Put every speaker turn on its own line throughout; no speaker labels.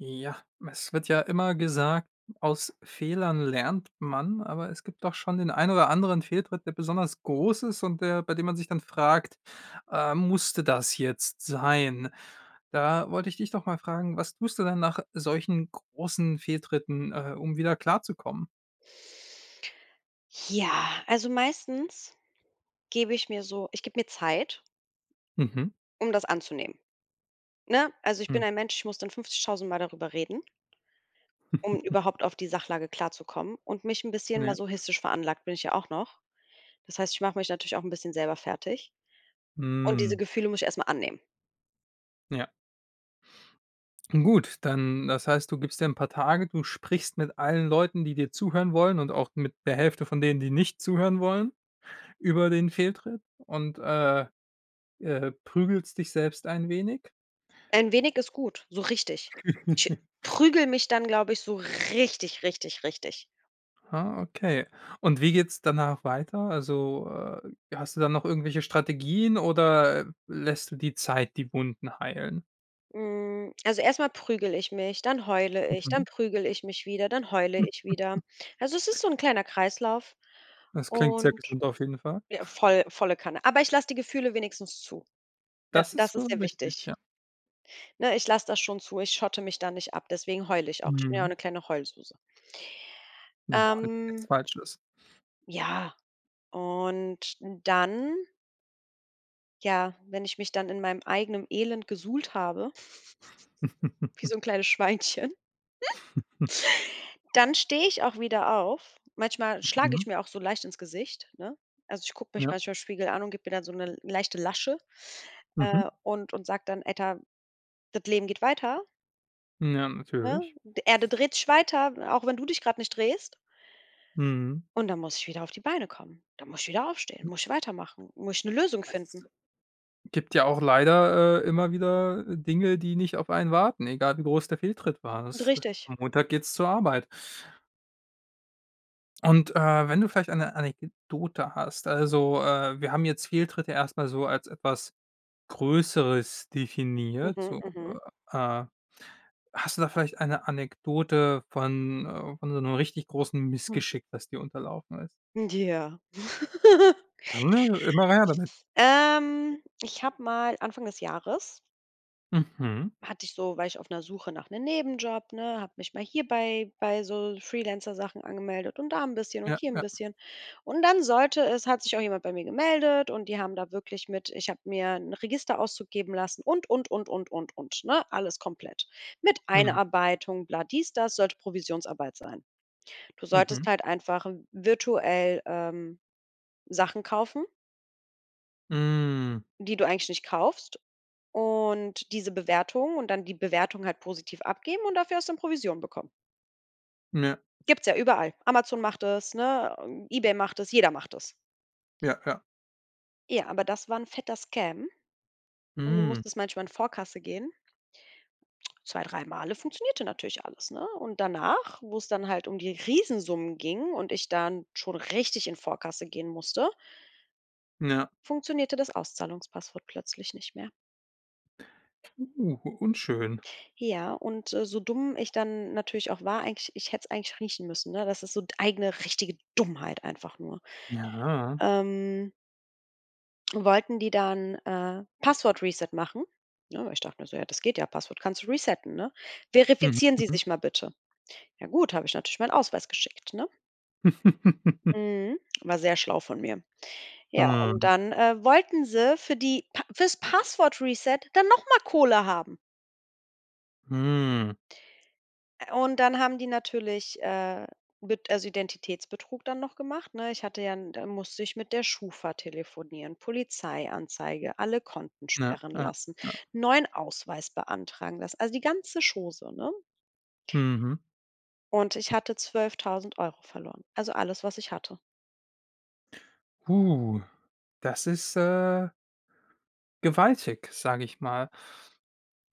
Ja, es wird ja immer gesagt: „aus Fehlern lernt man.“ Aber es gibt doch schon den ein oder anderen Fehltritt, der besonders groß ist und der bei dem man sich dann fragt, äh, „musste das jetzt sein?“ Da wollte ich dich doch mal fragen: Was tust du denn nach solchen großen Fehltritten, äh, um wieder klarzukommen?
Ja, also, meistens gebe ich mir so ich gebe mir Zeit
Mhm.
um das anzunehmen, ne? Also, ich bin
Mhm.
ein Mensch, ich muss dann 50.000 Mal darüber reden um überhaupt auf die Sachlage klarzukommen und mich 'n bisschen
Ja.
masochistisch veranlagt bin ich ja auch noch. Das heißt, ich mache mich natürlich auch 'n bisschen selber fertig und diese
Mhm.
Gefühle muss ich erst mal annehmen.
Ja. Gut, dann das heißt, du gibst dir 'n paar Tage, du sprichst mit allen Leuten, die dir zuhören wollen und auch mit der Hälfte von denen, die nicht zuhören wollen über den Fehltritt und, äh, äh, prügelst dich selbst ein wenig?
Ein wenig ist gut, so richtig. Ich prügle mich dann, glaube ich, so richtig, richtig, richtig.
Ah, okay. Und wie geht's danach weiter? Also, äh, hast du da noch irgendwelche Strategien oder lässt du die Zeit die Wunden heilen?
Mm, also, erst mal prügel ich mich, dann heule ich, dann
Mhm.
prügel ich mich wieder, dann heule ich wieder. Also, es ist so 'n kleiner Kreislauf
Das klingt
und
sehr gesund auf jeden Fall.
ja voll, volle Kanne. Aber ich lass die Gefühle wenigstens zu. Da
Das ist
das ist
schon
sehr
wichtig,
wichtig.
ja.
Ne, ich lass das schon zu. Ich schotte mich da nicht ab, deswegen heul ich auch. Ich bin ja auch
Mhm.
'ne kleine Heulsuse.
Und da [unintelligible] nichts
Ähm
falsches.
ja, und dann ja, wenn ich mich dann in meinem eigenem Elend gesuhlt habe, wie so 'n kleines Schweinchen dann stehe ich auch wieder auf. Manchmal schlage
Mhm.
ich mir auch so leicht ins Gesicht, ne? Also, ich guck mich
Ja.
manchmal Spiegel an und gib mir dann so 'ne leichte Lasche,
Mhm.
äh, und und sag dann: „Alter das Leben geht weiter!“
Ja,
Ne?
natürlich.
Die Erde dreht sich weiter, auch wenn du dich grad nicht drehst
Mhm.
und dann muss ich wieder auf die Beine kommen. Dann muss ich wieder aufstehen, muss ich weitermachen, muss ich 'ne Lösung finden.
Das gibt ja auch leider, äh, immer wieder Dinge, die nicht auf einen warten, egal wie groß der Fehltritt war. Das
Richtig.
am Montag geht's zur Arbeit. Und, äh, wenn du vielleicht eine Anekdote hast also äh, wir haben jetzt Fehltritte erst mal so als etwas Größeres definiert,
Mhm.
so,
Mhm.
äh hast du da vielleicht eine Anekdote von, äh von so 'nem richtig großen
Hm.
Missgeschick, das dir unterlaufen ist?
Ja.
Dann, äh, immer [unintelligible] damit.
Ähm, ich habe mal Anfang des Jahres
Mhm.
hatte ich so war ich auf 'ner Suche nach 'nem Nebenjob, ne, habe mich mal hier bei bei so Freelancer-Sachen angemeldet und da 'n bisschen und
Ja,
hier 'n
ja.
bisschen. Und dann sollte es hat sich auch jemand bei mir gemeldet und die haben da wirklich mit ich habe mir 'n Registerauszug geben lassen und, und, und, und, und, und, ne? Alles komplett. Mit
Mhm.
Einarbeitung, bla, dies, das sollte Provisionsarbeit sein. Du solltest
Mhm.
halt einfach v virtuell, ähm, Sachen kaufen
Mm.
die du eigentlich nicht kaufst und diese Bewertungen und dann die Bewertung halt positiv abgeben und dafür hast du dann Provision bekommen.
M ja.
Gibt's ja überall. Amazon macht das, ne, äh Ebay macht das, jeder macht das.
Ja, ja.
Ja, aber das war 'n fetter Scam und du
Mm.
musstest manchmal in Vorkasse gehen. 2, drei male, funktionierte natürlich alles, ne? Und danach, wo's dann halt um die Riesensummen ging und ich dann schon richtig in Vorkasse gehen musste
Ja.
funktionierte das Auszahlungspasswort plötzlich nicht mehr.
Puh, unschön.
Ja, und, äh, so dumm ich dann natürlich auch war, eigentlich ich hätte's eigentlich riechen müssen, ne? Das ist so d eigene richtige Dummheit einfach nur.
Ja.
Ähm wollten die dann, äh, Password-Reset machen, ne? Ich dacht nur so: „Ja, das geht ja, Passwort kannst du resetten, ne?
Mhm.
Verifizieren Sie
Mhm.
sich mal bitte.“ Ja gut, hab ich natürlich meinen Ausweis geschickt, ne? Mhm. War sehr schlau von mir. Ja, und dann, äh, wollten sie für die pa fürs Password-Reset dann noch mal Kohle haben.
Hm.
Ä und dann haben die natürlich, äh, Bet also, Identitätsbetrug dann noch gemacht, ne? Ich hatte ja 'n da musste ich mit der Schufa telefonieren, Polizeianzeige, alle Konten
Ja.
sperren
Ja.
lassen,
Ja.
neuen Ausweis beantragen, das also, die ganze Chose, ne?
Mhm.
Und ich hatte 12.000 € verloren, also alles, was ich hatte.
Puh. Das ist, äh, gewaltig, sage ich mal.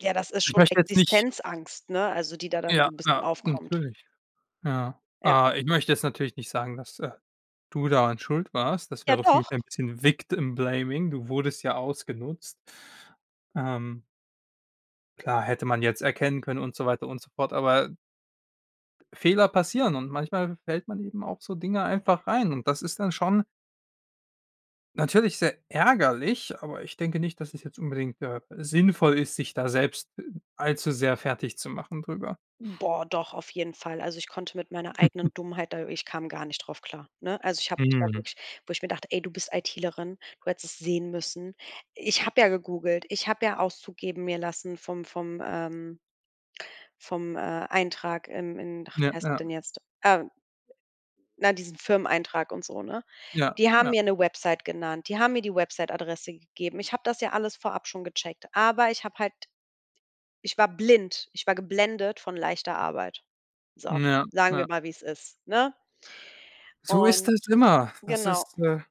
Ja, das ist
Ich
schon
möchte jetzt nicht
Existenzangst, ne? Also die da dann so
Ja,
'n bisschen
klar,
aufkommt.
natürlich, ja.
Ja.
Ah, ich möchte jetzt natürlich nicht sagen, dass äh, du daran schuld warst. Das
Ja,
wäre für mich
doch.
ein bisschen Victim-Blaming. Du wurdest ja ausgenutzt. Ähm. Klar, hätte man jetzt erkennen können und so weiter und so fort, aber Fehler passieren und manchmal fällt man eben auf so Dinge einfach rein. Und das ist dann schon natürlich sehr ärgerlich, aber ich denke nicht, dass es jetzt unbedingt, äh, sinnvoll ist, sich da selbst allzu sehr fertigzumachen drüber.
Boah, doch, auf jeden Fall. Also ich konnte mit meiner eigenen Dummheit da ich kam gar nicht drauf klar, ne? Also ich habe mich da
Mhm.
wirklich wo ich mir dachte: „Ey, du bist IT-lerin. Du hättest sehen müssen.“ Ich habe ja gegoogelt, ich habe ja Auszug geben mir lassen vom vom, ähm, vom, äh, Eintrag im in ach,
Ja.
wie heißt das
Ja.
denn jetzt, ähm na, diesen Firmeneintrag und so, ne?
Ja,
Die haben
ja.
mir 'ne Website genannt, die haben mir die Websiteadresse gegeben. Ich habe das ja alles vorab schon gecheckt, aber ich habe halt ich war blind, ich war geblendet von leichter Arbeit. So,
Ja,
sagen wir
ja.
mal, wie's ist, ne?
So ist
Und
es immer. Das
genau.
ist äh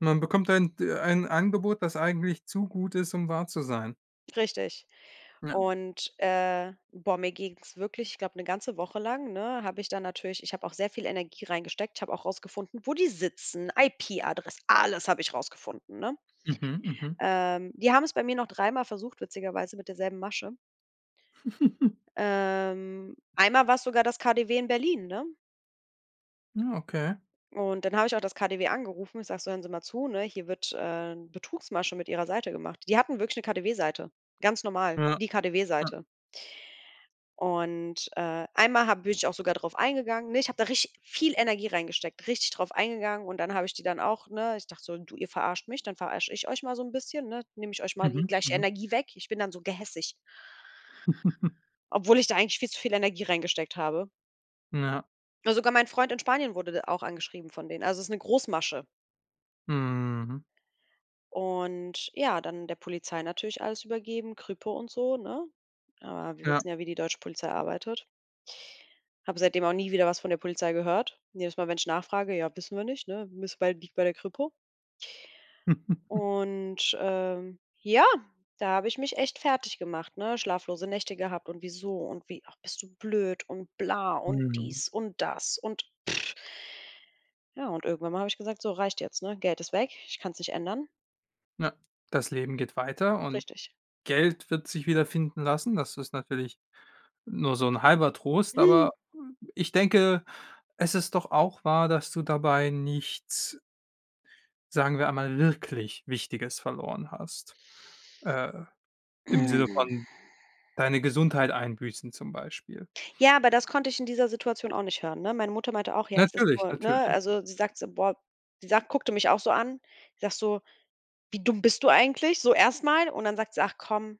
Man bekommt ein d ein Angebot, das eigentlich zu gut ist, um wahr zu sein.
Richtig.
Ja.
Und, äh boah, mir ging's wirklich ich glaube, 'ne ganze Woche lang, ne, habe ich da natürlich ich habe auch sehr viel Energie reingesteckt. Ich habe auch rausgefunden, wo die sitzen, IP-Adress alles habe ich rausgefunden, ne?
Mhm. Mhm.
Ähm, die haben es bei mir noch dreimal versucht witzigerweise mit derselben Masche. Ähm, einmal war's sogar das KaDeWe in Berlin, ne?
Hm, okay.
Und dann habe ich auch das KaDeWe angerufen. Ich sage so: „Hören Sie mal zu, ne? Hier wird, äh, 'n Betrugsmasche mit ihrer Seite gemacht.“ Die hatten wirklich 'ne KaDeWe-Seite, ganz normal,
Ja.
die
Ja.
KaDeWe-Seite. Und, äh, einmal ha bin ich auch sogar drauf eingegangen, ne? Ich habe da richtig viel Energie reingesteckt, richtig drauf eingegangen und dann habe ich die dann auch, ne ich dachte so: „Du ihr verarscht mich, dann verarscht ich euch mal so 'n bisschen, ne? Nehme ich euch mal die
Mhm.
gleiche
Mhm.
Energie weg.“ Ich bin dann so gehässig obwohl ich da eigentlich viel zu viel Energie reingesteckt habe.
N ja.
Ne, sogar mein Freund in Spanien wurde d auch angeschrieben von denen. Also ist 'ne Großmasche.
Mhm.
Und ja, dann der Polizei natürlich alles übergeben, Kripo und so, ne? Aber wir
Ja.
wissen ja, wie die deutsche Polizei arbeitet. Habe seitdem auch nie wieder was von der Polizei gehört. Jedes Mal, wenn ich nachfrage: „Ja, wissen wir nicht, ne? Müsste bei liegt bei der Kripo.“ Und, ähm, ja, da habe ich mich echt fertiggemacht, ne? Schlaflose Nächte gehabt und wieso und wie ach bist du blöd und bla und
Mhm.
dies und das und ja, und irgendwann mal habe ich gesagt: „So reicht jetzt,“ ne? Geld ist weg. Ich kann's nicht ändern.
Na das Leben geht weiter und
Richtig.
Geld wird sich wiederfinden lassen. Das ist natürlich nur so 'n halber Trost, aber ich denke, es ist doch auch wahr, dass du dabei nichts sagen wir einmal, wirklich Wichtiges verloren hast. Äh, im Sinne von deine Gesundheit einbüßen zum Beispiel.
Ja, aber das konnte ich in dieser Situation auch nicht hören, ne? Meine Mutter meinte auch: „Ja, das ist
Natürlich,
toll,“ ne?
natürlich.
Also sie sagt so boah sie sagt guckte mich auch so an. Sagt so: „Wie dumm bist du eigentlich?" so erst mal. Und dann sagt sie „Ach komm,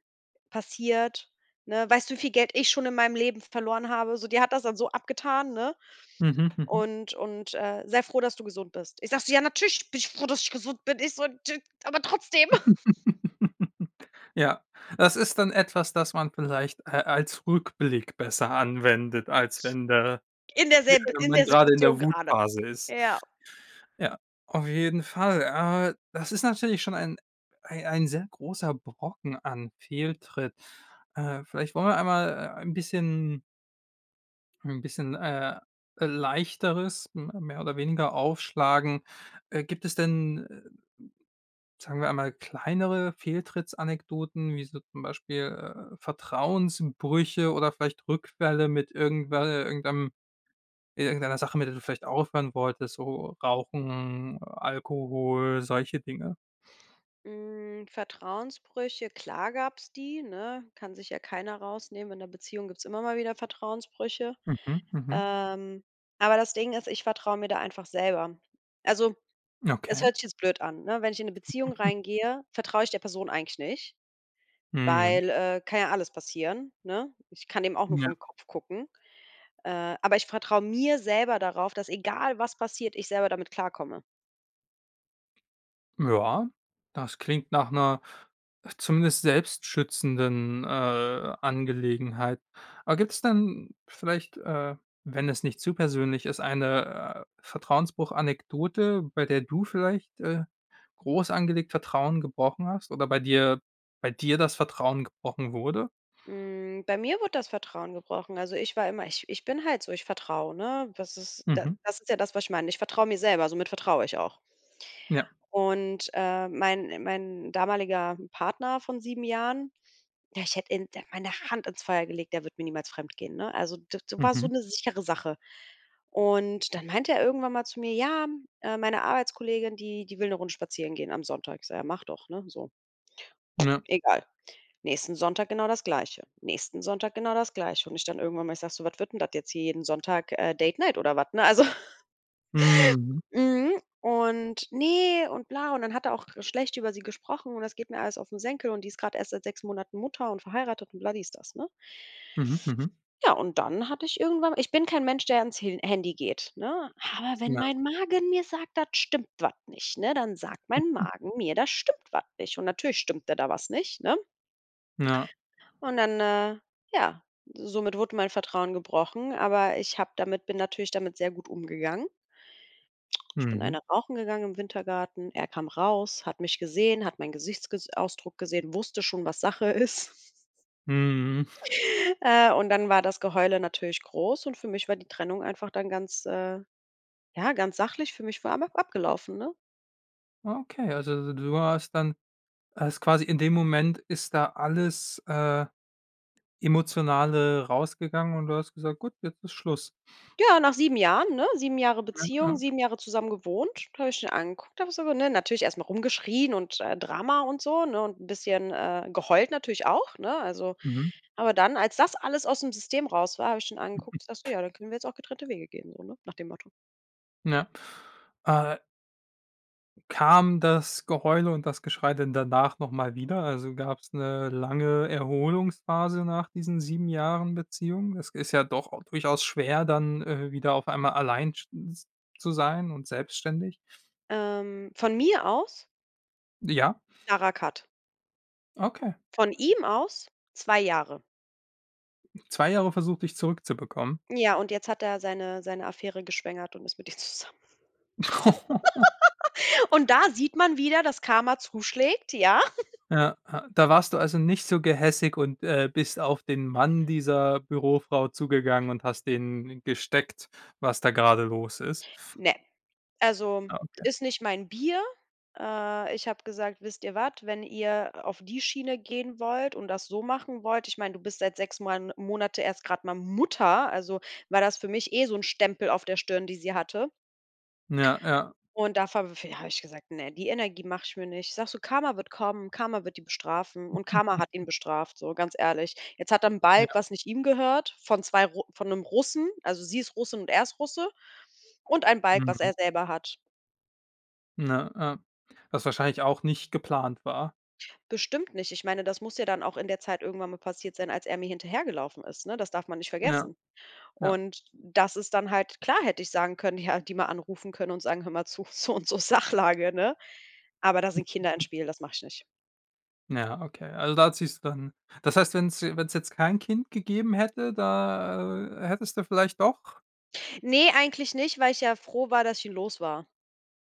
passiert, ne? Weißt du, wie viel Geld ich schon in meinem Leben verloren habe?“ So, die hat das dann so abgetan, ne,
Mhm. Mhm.
und und, äh: „Sei froh, dass du gesund bist. Ich sage so: „Ja natürlich, bin ich froh, dass ich gesund bin.“ Ich so:„ [unintelligible] aber trotzdem.“
Ja. Das ist dann etwas, das man vielleicht, äh, als Rückblick besser anwendet, als wenn da
In der
wie
selb
wenn
in
man
der
gerade in
Situation
der
gerade,
Wutphase ist.
ja.
Ja, auf jeden Fall. Äh, das ist natürlich schon ein ei ein sehr großer Brocken an Fehltritt. Äh, vielleicht wollen wir einmal, äh, ein bisschen 'n bisschen, äh, Leichteres, m mehr oder weniger, aufschlagen. Äh, gibt es denn, äh, sagen wir einmal, kleinere Fehltritts-Anekdoten, wie so zum Beispiel, äh, Vertrauensbrüche oder vielleicht Rückfälle mit irgendwe äh, irgendeinem in irgendeiner Sache, mit der du vielleicht aufhören wolltest, so Rauchen, Alkohol, solche Dinge.
Hm, Vertrauensbrüche, klar gab's die, ne? Kann sich ja keiner rausnehmen. In 'ner Beziehung gibt's immer mal wieder Vertrauensbrüche.
Mhm. Mhm.
Ähm, aber das Ding ist, ich vertraue mir da einfach selber. Also, es
Okay.
hört sich jetzt blöd an, ne? Wenn ich in 'ne Beziehung reingehe, vertraue ich der Person eigentlich nicht,
Mhm.
weil, äh, kann ja alles passieren, ne? Ich kann dem auch nur
Ja.
vorn Kopf gucken. Äh, aber ich vertraue mir selber darauf, dass, egal was passiert, ich selber damit klarkomme.
Ja. Das klingt nach 'ner, zumindest selbst schützenden, äh, Angelegenheit. Aber gibt's dann vielleicht, äh, wenn es nicht zu persönlich ist, eine, äh, Vertrauensbruch-Anekdote, bei der du vielleicht, äh, groß angelegt Vertrauen gebrochen hast oder bei dir bei dir das Vertrauen gebrochen wurde?
Hm, bei mir wurde das Vertrauen gebrochen. Also, ich war immer ich ich bin halt so, ich vertraue, ne? Das ist da
Mhm.
das ist ja das, was ich meine. Ich vertraue mir selber, somit vertraue ich auch.
Ja.
Und, äh, mein mein damaliger Partner von 7 Jahren, ja, ich hätte in de meine Hand ins Feuer gelegt, der wird mir niemals fremdgehen, ne? Also d d war so
Mhm.
'ne sichere Sache. Und dann meinte er irgendwann mal zu mir: „Ja, hm, äh, meine Arbeitskollegin, die, die will 'ne Runde spazieren gehen am Sonntag." Ich sage: „Ja, mach doch, ne?" so.
Ja.
Egal. Nächsten Sonntag genau das Gleiche. Nächsten Sonntag genau das Gleiche. Und ich dann irgendwann mal, ich sage so: „Was wird 'n das jetzt hier jeden Sonntag, äh, Date Night oder was, ne?" Ne, also?
Mhm.
Mhm, und: „Ne und bla" und dann hat er auch schlecht über sie gesprochen und: „Das geht mir alles auf 'n Senkel und die ist grad erst seit 6 Monaten Mutter und verheiratet!" und bla, dies, das, ne?
Mhm. Mhm.
Ja, und dann hatte ich irgendwann ich bin kein Mensch, der ans Hi Handy geht, ne? Aber wenn
Ja.
mein Magen mir sagt, da stimmt was nicht, ne? Dann sagt mein Magen mir, da stimmt was nicht. Und natürlich stimmte da was nicht, ne?
Ja.
Und dann äh, ja, somit wurde mein Vertrauen gebrochen, aber ich habe damit bin natürlich damit sehr gut umgegangen. Ich bin
Mhm.
eine rauchen gegangen im Wintergarten. Er kam raus, hat mich gesehen, hat meinen Gesichtsges Ausdruck gesehen, wusste schon, was Sache ist.
Mhm.
Äh, und dann war das Geheule natürlich groß und für mich war die Trennung einfach dann ganz, äh, ja, ganz sachlich für mich war einfach abgelaufen, ne?
Ah okay, also du hast dann hast quasi in dem Moment ist da alles, äh, emotionale rausgegangen und du hast gesagt: „Gut, jetzt ist Schluss.“
Ja, nach 7 Jahren, ne, 7 Jahre
[unintelligible]
Beziehung,
Ja.
7 Jahre zusammen gewohnt, habe ich ihn angeguckt einfach so ne natürlich erst mal rumgeschrien und, äh, Drama und so, ne und 'n bisschen, äh geheult natürlich auch, ne? Also,
Mhm.
aber dann, als das alles ausm System raus war, hab ich schon angeguckt, ich sag so: „Ja, dann können wir jetzt auch getrennte Wege gehen.“ So ne nach dem Motto.
N ja, äh Kam das Geheule und das Geschrei denn danach nochmal wieder? Also, gab's 'ne lange Erholungsphase nach diesen 7 Jahren Beziehung? Es ist ja doch durchaus schwer, dann, äh, wieder auf einmal allein sch z zu sein und selbstständig.
Ähm, von mir aus?
Ja.
Klarer cut.
Okay.
Von ihm aus, 2 Jahre.
2 Jahre versucht, dich zurückzubekommen?
N ja, und jetzt hat er seine seine Affäre geschwängert und ist mit ihr zusammen. Und da sieht man wieder, dass Karma zuschlägt, ja
Ja, ja da warst du also nicht so gehässig und, äh, bist auf den Mann dieser Bürofrau zugegangen und hast dem gesteckt, was da gerade los ist?
Ne, also,
Ah, okay.
ist nicht mein Bier. Äh, ich hab gesagt, wisst ihr was, wenn ihr auf die Schiene gehen wollt und das so machen wollt, ich mein, du bist seit 6 Moan Monate erst grad mal Mutter, also war das für mich eh so 'n Stempel auf der Stirn, die sie hatte.
N ja, ja.
Und da v v hab ich gesagt, ne, die Energie mache ich mir nicht. Sage so: "Karma wird kommen, Karma wird die bestrafen." Und Karma hat ihn bestraft, so ganz ehrlich. Jetzt hat er 'n Balg
Ja.
was nicht ihm gehört von zwei Ru von 'nem Russen also sie ist Russin und er ist Russe und ein Balg, was
Mhm.
er selber hat.
Ne, äh, was wahrscheinlich auch nicht geplant war.
Bestimmt nicht ich meine, das muss ja dann auch in der Zeit irgendwann mal passiert sein, als er mir hinterhergelaufen ist, ne? Das darf man nicht
Ja.
vergessen.
Ja.
Und das ist dann halt klar hätte ich sagen können, er hätte die mal anrufen können und sagen: „Hör mal zu, so und so Sachlage", ne? Aber da sind Kinder im Spiel, das mache ich nicht.
N ja, okay. Also da hat sich's dann das heißt, wenn's je wenn's jetzt kein Kind gegeben hätte, da, äh, hättest du vielleicht doch?
Ne, eigentlich nicht, weil ich ja froh war, dass ich ihn los war.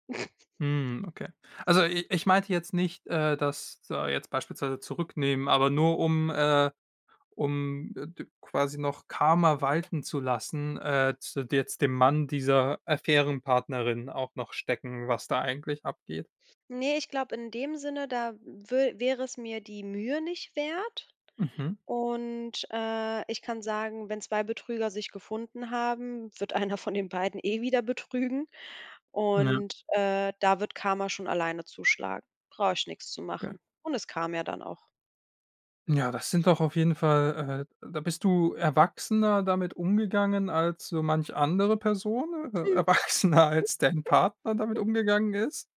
Hm, okay. Also i ich meinte jetzt nicht, äh, dass da jetzt beispielsweise zurücknehmen, aber nur um, äh um, äh, d quasi noch Karma walten zu lassen, äh, zu d jetzt dem Mann dieser Affären-Partnerin auch noch stecken, was da eigentlich abgeht?
Ne, ich glaube in dem Sinne, da wür wäre es mir die Mühe nicht wert.
Mhm.
Und, äh, ich kann sagen: „Wenn 2 Betrüger sich gefunden haben, wird einer von den beiden eh wieder betrügen.
M ja.
Und, äh, da wird Karma schon alleine zuschlagen. Brauche ich nix zu
Okay.
machen. Und es kam ja dann auch.
Ja. das sind doch auf jeden Fall, äh da bist du erwachsener damit umgegangen als so manch andere Person, äh erwachsener als dein Partner damit umgegangen ist.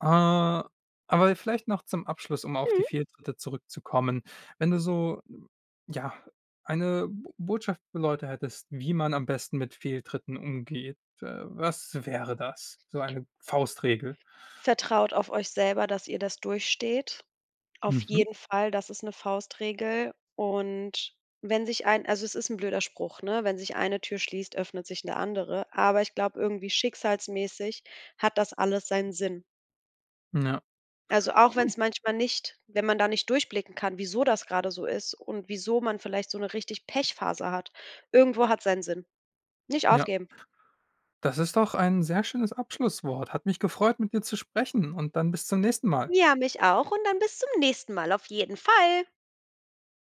Äh, aber vielleicht noch zum Abschluss, um auf die
Mhm.
Fehltritte zurückzukommen. Wenn du so ja, eine Bo Botschaft für Leute hättest, wie man am besten mit Fehltritten umgeht, äh, was wäre das? So eine Faustregel.
Vertraut auf euch selber, dass ihr das durchsteht auf
Mhm.
jeden Fall. Das ist 'ne Faustregel. Und wenn sich ein also es ist 'n blöder Spruch, ne, wenn sich eine Tür schließt, öffnet sich 'ne andere. Aber ich glaube, irgendwie schicksalsmäßig hat das alles seinen Sinn.
M ja.
Also auch
Gut.
wenn's manchmal nicht wenn man da nicht durchblicken kann, wieso das grade so ist und wieso man vielleicht so 'ne richtig Pech-Phase hat. Irgendwo hat's seinen Sinn. Nicht
Ja.
aufgeben.
Das ist doch ein sehr schönes Abschlusswort. Hat mich gefreut, mit dir zu sprechen und dann bis zum nächsten Mal.
Ja, mich auch und dann bis zum nächsten Mal auf jeden Fall.